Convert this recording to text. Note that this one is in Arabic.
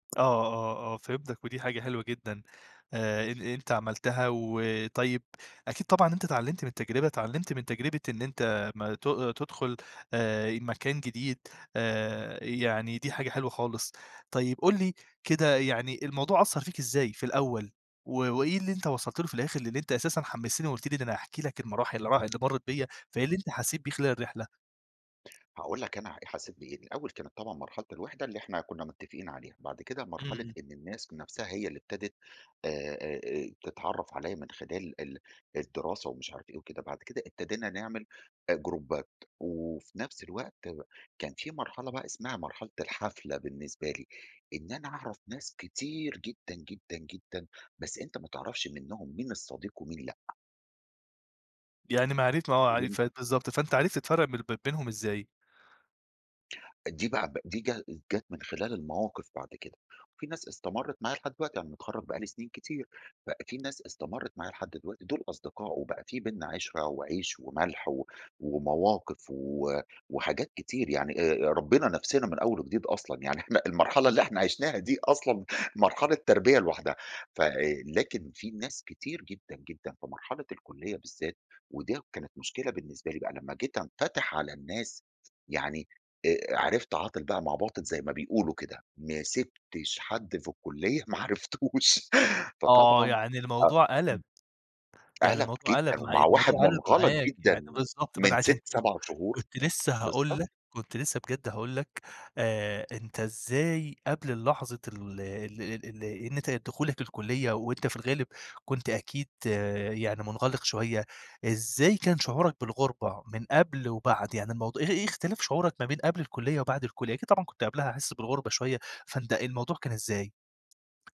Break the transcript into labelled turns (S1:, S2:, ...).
S1: آه، آه، آه، فهمتك، ودي حاجة حلوة جدًا آآ أنت عملتها. و طيب أكيد طبعًا أنت اتعلمت من التجربة، اتعلمت من تجربة إن أنت ما ت تدخل آآ مكان جديد، آآ يعني دي حاجة حلوة خالص. طيب قُل لي كده يعني الموضوع أثّر فيك إزاي في الأول، و وإيه اللي أنت وصلت له في الآخر، اللي أنت أساسًا حمستني وقلت لي إن أنا هاحكي لك المراحل اللي راح اللي مرت بيا، فإيه اللي أنت حسيت بيه خلال الرحلة؟
S2: هاقول لك أنا حسيت بإيه. الأول كانت طبعًا مرحلة الوحدة اللي إحنا كنا متفقين عليها، بعد كده مرحلة
S1: امم.
S2: إن الناس نفسها هي اللي ابتدت آآ تتعرف عليَّ من خلال ال الدراسة ومش عارف إيه وكده، بعد كده ابتدينا نعمل جروبات، وفي نفس الوقت كان في مرحلة بقى اسمها مرحلة الحفلة بالنسبة لي، إن أنا أعرف ناس كتير جدًا، جدًا، جدًا، بس أنت ما تعرفش منهم مين الصديق ومين لأ.
S1: يعني ما عار ما هو عار
S2: ويم
S1: آه بالضبط فأنت عرفت تفرق ب بينهم إزاي؟
S2: دي بقى دي جا جات من خلال المواقف بعد كده، وفي ناس استمرت معايا لحد دلوقتي أنا متخرج بقى لي سنين كتير. ف في ناس استمرت معايا لحد دلوقتي، دول أصدقاء، وبقى في بيننا عِشرة وعيش وملح و ومواقف و وحاجات كتير يعني آآ ربينا نفسنا من أول وجديد أصلًا، يعني إحنا المرحلة اللي إحنا عِشناها دي أصلًا مرحلة تربية لوحدها ف لكن في ناس كتير جدًا، جدًا في مرحلة الكلية بالذات، وده كانت مشكلة بالنسبة لي بقى لما جيت انفتح على الناس يعني، عرفت عاطل بقى مع باطل زي ما بيقولوا كده، ما سبتش حد في الكلية ما عرفتوش
S1: آه
S2: فطبعا
S1: يعني
S2: آه،
S1: الموضوع
S2: امم،
S1: قَلَب، يعني
S2: قلق
S1: الموضوع
S2: جدًا،
S1: قَلَب
S2: ومع
S1: معاك،
S2: واحد
S1: الموضوع قَلَب
S2: منغلق
S1: معاك،
S2: جدًا
S1: يع بالضبط. ما
S2: من
S1: أنا عشان
S2: 6،
S1: كده
S2: 7 شهور.
S1: كنت لسه هاقول
S2: بالضبط.
S1: لك، كنت لسه بجد هاقول لك آآ أنت إزاي قبل اللحظة ال ال ال ال إن ت دخولك الكلية، وأنت في الغالب كنت أكيد يعني منغلق شوية، إزاي كان شعورك بالغربة من قبل وبعد؟ يعني الموضوع إ إيه اختلاف شعورك ما بين قبل الكلية وبعد الكلية؟ أكيد طبعًا كنت قبلها حاسس بالغربة شوية، فأنت الموضوع كان إزاي؟